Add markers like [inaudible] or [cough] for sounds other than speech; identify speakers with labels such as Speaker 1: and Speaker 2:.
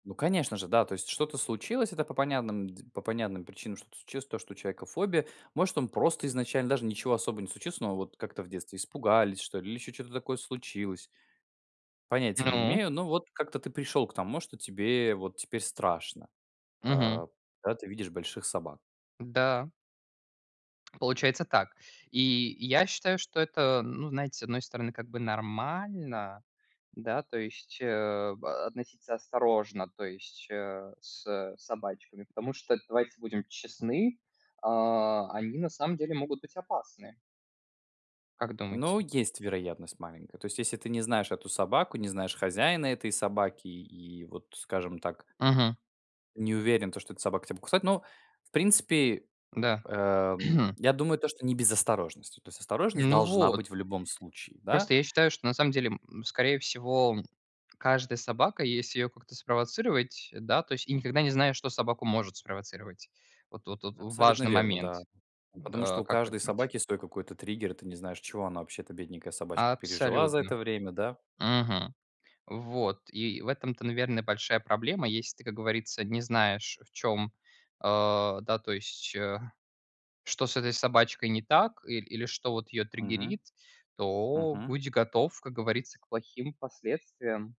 Speaker 1: Ну конечно же. Да. То есть что-то случилось- это по понядным дз по понятным причинам, что-то случилось- то, что у человека фобия. Может, он просто изначально даже ничего особо не случилось. Но вот как-то в детстве испугались, что ли, или ещё чё-то такое случилось. Понятия не
Speaker 2: Ну.
Speaker 1: имею. Но вот как-то ты пришёл к тому, что тебе вот теперь страшно,
Speaker 2: Мгм.
Speaker 1: а, когда ты видишь больших собак.
Speaker 2: Да. Получается так. И я считаю, что это, ну, знаете, с одной стороны, как бы нормально. Да, то есть, э, б относиться осторожно, то есть, э, с с собачками. Потому что, давайте будем честны, а, они на самом деле могут быть опасны. Как думаете?
Speaker 1: Ну, есть вероятность маленькая. То есть если ты не знаешь эту собаку, не знаешь хозяина этой собаки. И вот, скажем так
Speaker 2: Мгм.
Speaker 1: не уверен то, что эта собака тя покусает. Ну, в принципе,
Speaker 2: Да.
Speaker 1: эм,
Speaker 2: [clears throat]
Speaker 1: я думаю, то, что не без осторожности. То есть осторожность
Speaker 2: Ну,
Speaker 1: должна
Speaker 2: вот.
Speaker 1: быть в любом случае. Да.
Speaker 2: Просто я считаю, что на самом деле, м, скорее всего, каждая собака, если её как-то спровоцировать, да- то есть и никогда не знаешь, что собаку может спровоцировать. Вот тут вот
Speaker 1: Абсолютно
Speaker 2: важный
Speaker 1: верно,
Speaker 2: момент.
Speaker 1: да. Ну, потому
Speaker 2: А,
Speaker 1: что у
Speaker 2: как вы
Speaker 1: каждой
Speaker 2: думаете?
Speaker 1: собаки свой какой-то триггер. И ты не знаешь, чего она вообще-то, бедненькая собачка, пережила за
Speaker 2: Абсолютно.
Speaker 1: это время, да.
Speaker 2: Мгм. Вот. И в этом-то, наверно, большая проблема. Если ты, как говорится, не знаешь, в чём, а, да, то есть, э, что с этой собачкой не так, ил или что вот её
Speaker 1: Мгм.
Speaker 2: триггерит, то
Speaker 1: Мгм.
Speaker 2: будь готов, как говорится, к плохим последствиям.